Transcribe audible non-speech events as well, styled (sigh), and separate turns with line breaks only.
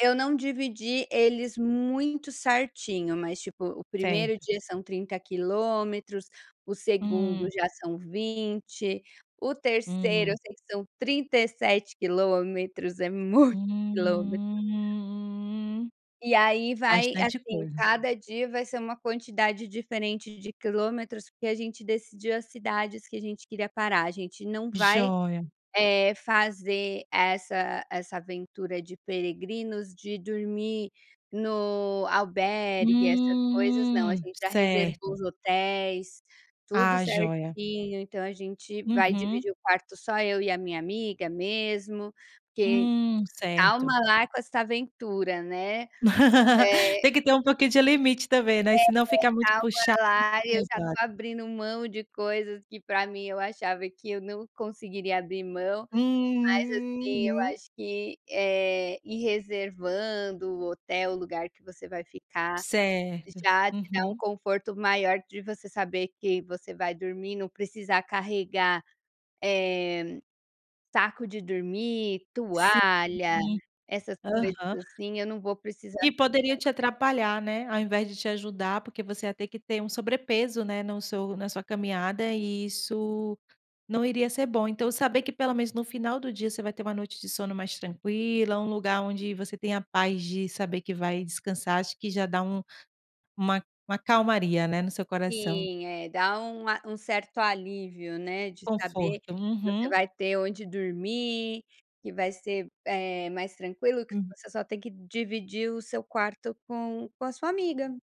Eu não dividi eles muito certinho, mas tipo o 1º
Certo.
dia são 30 quilômetros, o 2º
Hum.
já são 20, o 3º eu
Uhum.
sei que são 37 quilômetros, é muito quilometros.
Hum,
E aí, vai
bastante
assim
coisa.
cada dia vai ser uma quantidade diferente de quilômetros, porque a gente decidiu as cidades que a gente queria parar, a gente não vai,
Jóia.
eh, fazer essa essa aventura de peregrinos, de dormir no albergue, essas coisas não, a
Hum,
gente já reservou
certo.
os hotéis, tudo
Ah, joia.
certinho, então a gente vai
Uhum.
dividir o quarto só eu e a minha amiga mesmo, porque
Hum,
calma
certo.
lá com essa aventura, né,
(laughs)
eh
Tem que ter um pouquinho de limite também, né,
Ei,
senão fica muito
calma
puxado
lá, eu já estou
(unintelligible)
abrindo mão de coisas que para mim eu achava que eu não conseguiria abrir mão, mas assim eu
Uhum.
acho que, eh, ir reservando o hotel, lugar que você vai ficar,
Certo,
já te dá um
uhum.
conforto maior de você saber que você vai dormir, não precisar carregar, eh, saco de dormir,
Sim,
toalha,
uhum,
essas coisas,
aham.
assim, eu não vou precisar
Que poderiam
carregar.
te atrapalhar, né, ao invés de te ajudar, porque você ia ter que ter um sobrepeso, né, no seu na sua caminhada e isso não iria ser bom, então saber que pelo menos no final do dia você vai ter uma noite de sono mais tranquila, um lugar onde você tem a paz de saber que vai descansar, acho que já dá um uma uma calmaria, né, no seu coração.
Sim é dá um a um certo alívio, né, de saber que
Conforto,
você
uhum.
vai ter onde dormir, que vai ser, eh, mais tranquilo que
Uhum.
você só tem que dividir o seu quarto com com a sua amiga.